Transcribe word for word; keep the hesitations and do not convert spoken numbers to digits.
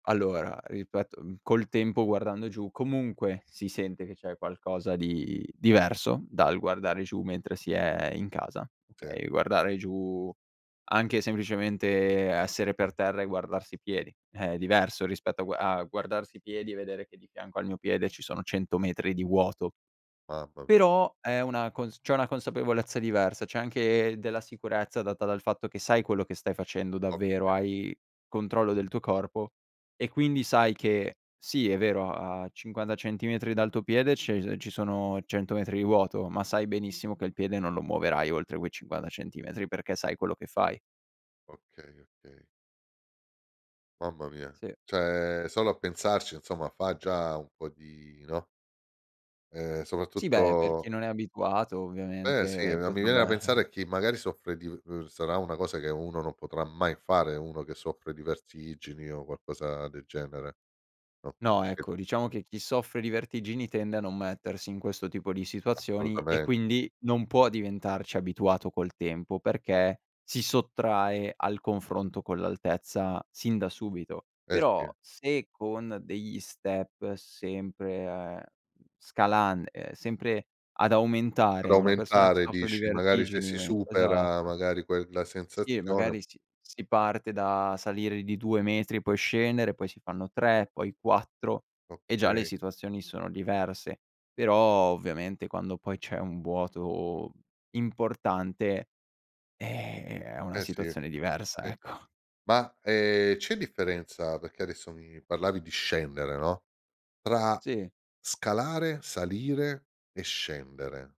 Allora, ripeto, mhmm, col tempo guardando giù comunque si sente che c'è qualcosa di diverso dal guardare giù, mentre si è in casa, Sì. okay, guardare giù anche semplicemente essere per terra e guardarsi i piedi, è diverso rispetto a gu a guardarsi i piedi e vedere che di fianco al mio piede ci sono cento metri di vuoto. Mamma m Però è una cons c'è una consapevolezza diversa, c'è anche della sicurezza data dal fatto che sai quello che stai facendo davvero, Oka hai controllo del tuo corpo e quindi sai che, sì è vero, a a cinquanta centimetri dal tuo piede c'è i ci sono cento metri di vuoto, ma sai benissimo che il piede non lo muoverai oltre quei cinquanta centimetri perché sai quello che fai. Okay, okay. Mamma mia. Sì. ceh, solo a pensarci insomma fa già un po' di no? Ehm, Sì, beh, per soprattutto chi non è abituato Eh, sì. ovviamente Ma mi viene da potrebbe pensare a chi magari soffre di uhm, sarà una cosa che uno non potrà mai fare, uno che soffre di vertigini o qualcosa del genere. No, [unintelligible] ecco, diciamo che chi soffre di vertigini tende a non mettersi in questo tipo di situazioni e Assolutamen quindi non può diventarci abituato col tempo, perché si sottrae al confronto con l'altezza sin da subito. Eh, Però, sì. se con degli step sempre, mhmm, scalan ehm, sempre ad Per aumentare una persona che aumentare soffre di dici, magari se si vertigini supera esatto. magari quella Sì, sensazione. magari si si parte da salire di due metri, poi scendere, poi si fanno tre, poi quattro e già le Okay. situazioni sono diverse. Però, ovviamente quando poi c'è un vuoto importante, eh, è una Eh, sì, situazione diversa, sì. ecco. Ma, ehm, c'è differenza perché adesso mi parlavi di scendere, no, tra Sì. scalare, salire e scendere?